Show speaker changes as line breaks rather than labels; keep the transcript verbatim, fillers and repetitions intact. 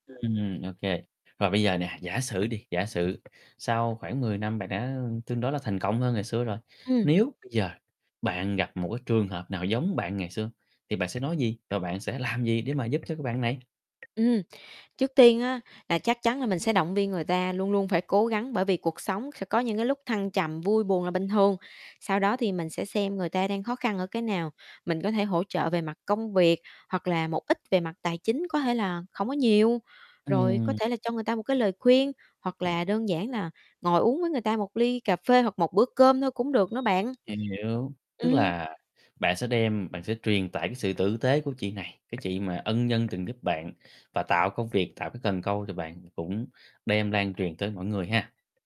Ừm, ô kê. Và bây giờ nè, giả sử đi, giả sử sau khoảng mười năm bạn đã tương đối là thành công hơn ngày xưa rồi,
Ừm.
nếu bây giờ, bạn gặp một cái trường hợp nào giống bạn ngày xưa, thì bạn sẽ nói gì, và bạn sẽ làm gì để mà giúp cho cái bạn này?
Ừm, trước tiên á, là chắc chắn là mình sẽ động viên người ta luôn luôn phải cố gắng, bởi vì cuộc sống sẽ có những cái lúc thăng trầm, vui buồn là bình thường, sau đó thì mình sẽ xem người ta đang khó khăn ở cái nào, mình có thể hỗ trợ về mặt công việc, hoặc là một ít về mặt tài chính, có thể là hổng có nhiều, rồi có
Ừm.
thể là cho người ta một cái lời khuyên, hoặc
[unintelligible]
là đơn giản là ngồi uống với người ta một ly cà phê hoặc một bữa cơm thôi cũng được nữa bạn.
Hiểu, tức
Ừm.
là bạn sẽ đem bạn sẽ truyền tải cái sự tử tế của chị này, cái chị mà ân nhân từng giúp bạn và tạo công việc, tạo cái cần câu thì bạn cũng đem lan truyền tới mỗi người ha.